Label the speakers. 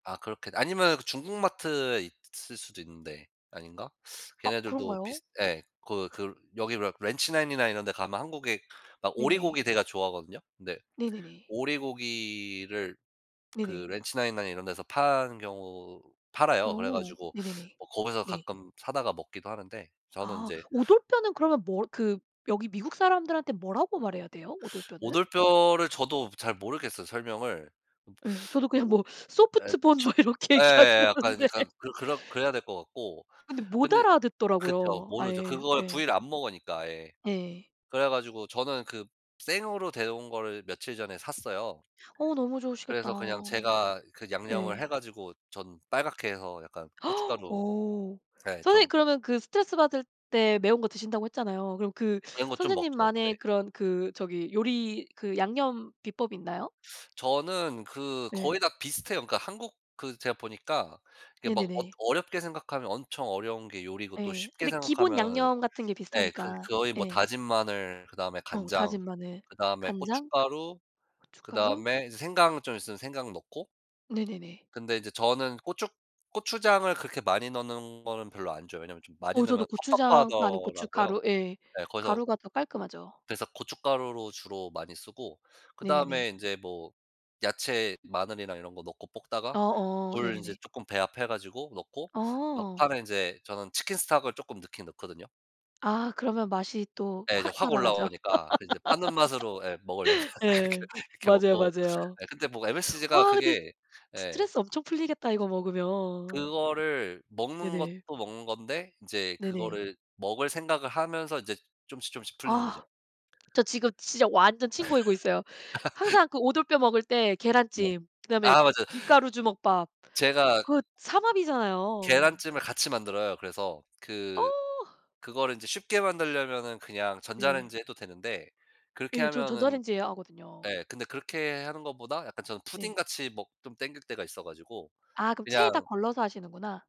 Speaker 1: 아 그렇게 아니면 중국 마트에 있을 수도 있는데 아닌가?
Speaker 2: 아
Speaker 1: 걔네들도
Speaker 2: 그런가요?
Speaker 1: 비슷 예 거 그르 여기 레 렌치 나인이나 이런 데 가면 한국의 막
Speaker 2: 네네.
Speaker 1: 오리고기 대가 좋아하거든요. 네
Speaker 2: 네네네.
Speaker 1: 오리고기를 그
Speaker 2: 네네.
Speaker 1: 렌치 나인이나 이런 데서 파는 경우 팔아요. 그래
Speaker 2: 어
Speaker 1: 가지고
Speaker 2: 네네네
Speaker 1: 뭐 거기서
Speaker 2: 네.
Speaker 1: 가끔 사다가 먹기도 하는데. 저는
Speaker 2: 아
Speaker 1: 인제
Speaker 2: 오돌뼈는 그러면 뭐 그 여기 미국사람들한테 뭐라고 말해야 돼요? 오돌뼈는?
Speaker 1: 오돌뼈를 저도 잘 모르겠어요 설명을.
Speaker 2: 예 저도 그냥
Speaker 1: 오
Speaker 2: 뭐
Speaker 1: 예
Speaker 2: 소프트 본
Speaker 1: 저
Speaker 2: 뭐 이렇게 얘기하긴
Speaker 1: 예 약간
Speaker 2: 하는데.
Speaker 1: 약간 그렇 그래야 될 것 같고.
Speaker 2: 근데 못
Speaker 1: 근데 그쵸.
Speaker 2: 알아듣더라고요,
Speaker 1: 모르죠.
Speaker 2: 아예
Speaker 1: 그걸
Speaker 2: 예.
Speaker 1: 부위를 안 먹으니까 아예.
Speaker 2: 네.
Speaker 1: 그래 가지고 저는 그 생으로 데려온 거를 며칠 전에 샀어요.
Speaker 2: 어 너무 좋으시겠다.
Speaker 1: 그래서 그냥 제가 그 양념을
Speaker 2: 예.
Speaker 1: 해 가지고 전 빨갛게 해서 약간 고춧가루
Speaker 2: 오.
Speaker 1: 예
Speaker 2: 선생님
Speaker 1: 좀
Speaker 2: 그러면 그 스트레스 받을 때 매운 거 드신다고 했잖아요. 그럼 그
Speaker 1: 매운 거 좀 먹죠. 네.
Speaker 2: 선생님만의 그런 그 저기 요리 그 양념 비법이 있나요?
Speaker 1: 저는 그
Speaker 2: 예.
Speaker 1: 거의 다 비슷해요. 그러니까 한국 그 제가 보니까 그렇게 막 엇
Speaker 2: 네네네.
Speaker 1: 어렵게 생각하면 엄청 어려운 게 요리고 또
Speaker 2: 예.
Speaker 1: 쉽게
Speaker 2: 근데 기본
Speaker 1: 생각하면은
Speaker 2: 양념 같은 게
Speaker 1: 예 그
Speaker 2: 비슷하니까
Speaker 1: 거의 뭐
Speaker 2: 예.
Speaker 1: 다진 마늘 그다음에
Speaker 2: 어
Speaker 1: 간장
Speaker 2: 다진 마늘,
Speaker 1: 그다음에
Speaker 2: 간장,
Speaker 1: 고춧가루
Speaker 2: 고춧가루.
Speaker 1: 그다음에 이제 생강 좀 있으면 생강 넣고.
Speaker 2: 네네네.
Speaker 1: 근데 이제 저는 고추 고추장을 그렇게 많이 넣는 거는 별로 안 좋아해요. 왜냐하면 좀 많이
Speaker 2: 어 저도
Speaker 1: 넣으면
Speaker 2: 고추장 아니
Speaker 1: 텁텁하더라고요.
Speaker 2: 고춧가루 예
Speaker 1: 네 그래서
Speaker 2: 가루가 더 깔끔하죠.
Speaker 1: 그래서 고춧가루로 주로 많이 쓰고.
Speaker 2: 네네네.
Speaker 1: 그다음에 인제 뭐 야채 마늘이나 이런 거 넣고 볶다가
Speaker 2: 어어
Speaker 1: 물 인제
Speaker 2: 네네네.
Speaker 1: 쪼끔 배합해 가지고 넣고
Speaker 2: 어.
Speaker 1: 막판에 인제 저는 치킨 스톡을 쪼끔 넣긴 넣거든요.
Speaker 2: 아 그러면 맛이 또
Speaker 1: 예. 이제
Speaker 2: 확
Speaker 1: 확
Speaker 2: 살아나죠.
Speaker 1: 올라오니까 그 이제 파는 맛으로 예 먹으려면 그렇게
Speaker 2: 예.
Speaker 1: 그렇게
Speaker 2: 맞아요,
Speaker 1: 먹고.
Speaker 2: 맞아요.
Speaker 1: 예 근데 뭐 MSG가
Speaker 2: 와 근데
Speaker 1: 그게 예.
Speaker 2: 스트레스 엄청 풀리겠다 이거 먹으면.
Speaker 1: 그거를 먹는
Speaker 2: 네네.
Speaker 1: 것도 먹는 건데 인제
Speaker 2: 네네.
Speaker 1: 그거를 먹을 생각을 하면서 이제 조금씩 조금씩 풀리는 거죠.
Speaker 2: 아 저 지금 진짜 완전 침 고이고 있어요. 항상 그 오돌뼈 먹을 때
Speaker 1: 네.
Speaker 2: 계란찜 그다음에
Speaker 1: 아 맞아요.
Speaker 2: 김가루 주먹밥
Speaker 1: 제가
Speaker 2: 그거 삼합이잖아요.
Speaker 1: 계란찜을 같이 만들어요. 그래서
Speaker 2: 어.
Speaker 1: 그 그거를 인제 쉽게 만들려면은 그냥
Speaker 2: 네네.
Speaker 1: 전자레인지에 해도 되는데 그렇게
Speaker 2: 예 전
Speaker 1: 하면은
Speaker 2: 전자레인지에 하거든요.
Speaker 1: 예 근데 그렇게 하는 것보다 약간 저는
Speaker 2: 네.
Speaker 1: 푸딩같이 먹 좀 당길 때가 있어 가지고.
Speaker 2: 아 그럼
Speaker 1: 그냥
Speaker 2: 체에다 걸러서 하시는구나.